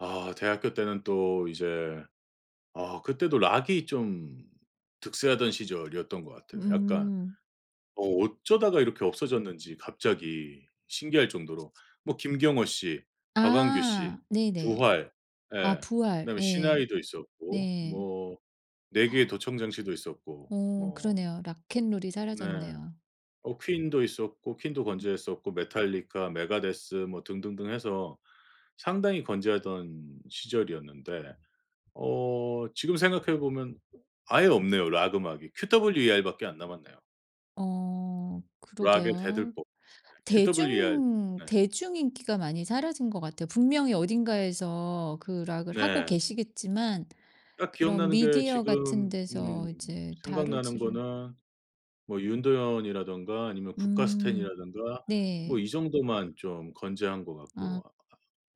아 대학교 때는 또 이제 아 그때도 락이 좀 득세하던 시절이었던 것 같아요 약간. 음. 어 어쩌다가 이렇게 없어졌는지 갑자기 신기할 정도로 뭐 김경호 씨, 박완규 씨, 아 네네. 부활, 아 예 부활. 그다음에 네. 시나위도 있었고 네. 뭐 내 귀에 도청장치도 있었고 어 뭐 그러네요. 락앤롤이 네. 사라졌네요. 어 퀸도 있었고 퀸도 건재했었고 메탈리카 메가데스 뭐 등등등 해서 상당히 건재하던 시절이었는데 어 지금 생각해 보면 아예 없네요 락 음악이. QWER밖에 안 남았네요. 어 락의 그러게요. 대들보. 예. QWER 대중 네. 대중 인기가 많이 사라진 것 같아요. 분명히 어딘가에서 그 락을 하고 네. 계시겠지만 딱 그런 기억나는 게 미디어 같은 지금 음 데서 이제 생각나는 다루지를 거는 뭐 윤도현이라든가 아니면 음. 국가스텐이라든가 뭐 네. 이 정도만 좀 건재한 것 같고. 아. 아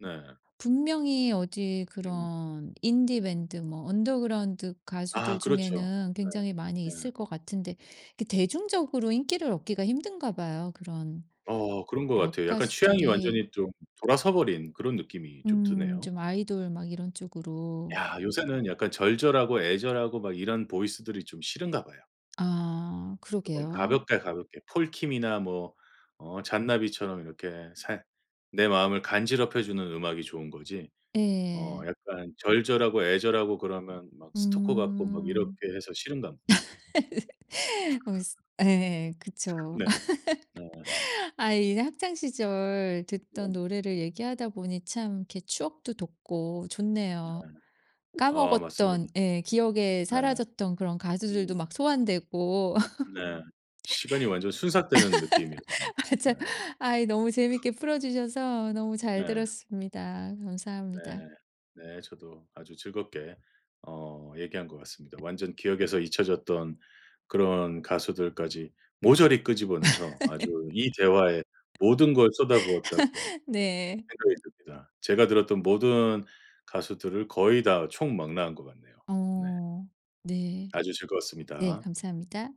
네. 분명히 어디 음. 그런 인디 밴드 뭐 언더그라운드 아 가수들 그렇죠. 중에는 네. 굉장히 많이 네. 있을 것 같은데 그 대중적으로 인기를 얻기가 힘든가 봐요 그런 어 그런 것 락 같아요. 약간 취향이 가수들이. 완전히 좀 돌아서 버린 그런 느낌이 좀 음. 드네요. 좀 아이돌 막 이런 쪽으로. 야 요새는 약간 절절하고 애절하고 막 이런 보이스들이 좀 싫은가 봐요. 아 쪼끔 그러게요. 가볍게, 가볍게 폴 킴이나 뭐 어 잔나비처럼 이렇게 살 내 마음을 간지럽혀 주는 음악이 좋은 거지 어 예. 약간 절절하고 애절하고 그러면 막 스토커 같고 막 이렇게 음. 해서 싫은 가봅니다. 어 스 예 그쵸. 네. 네. 아 이제 학창시절 네. 듣던 노래를 얘기하다 보니 참 이렇게 추억도 돋고 네. 좋네요. 아 맞습니다. 까먹었던 예 기억에 네. 사라졌던 그런 가수들도 음. 막 소환되고. 네. 시간이 완전 순삭되는 느낌이었습니다. 네. 맞아 아이 너무 재밌게 풀어주셔서 너무 잘 네. 들었습니다. 감사합니다. 네. 네. 저도 아주 즐겁게 어 얘기한 것 같습니다. 완전 기억에서 잊혀졌던 그런 가수들까지 모조리 끄집어내서 아주 이 대화에 모든 걸 쏟아부었다고 네. 생각이 듭니다. 제가 들었던 모든 가수들을 거의 다 총망라한 것 같네요. 네. 어 네. 아주 네 즐거웠습니다. 감사합니다.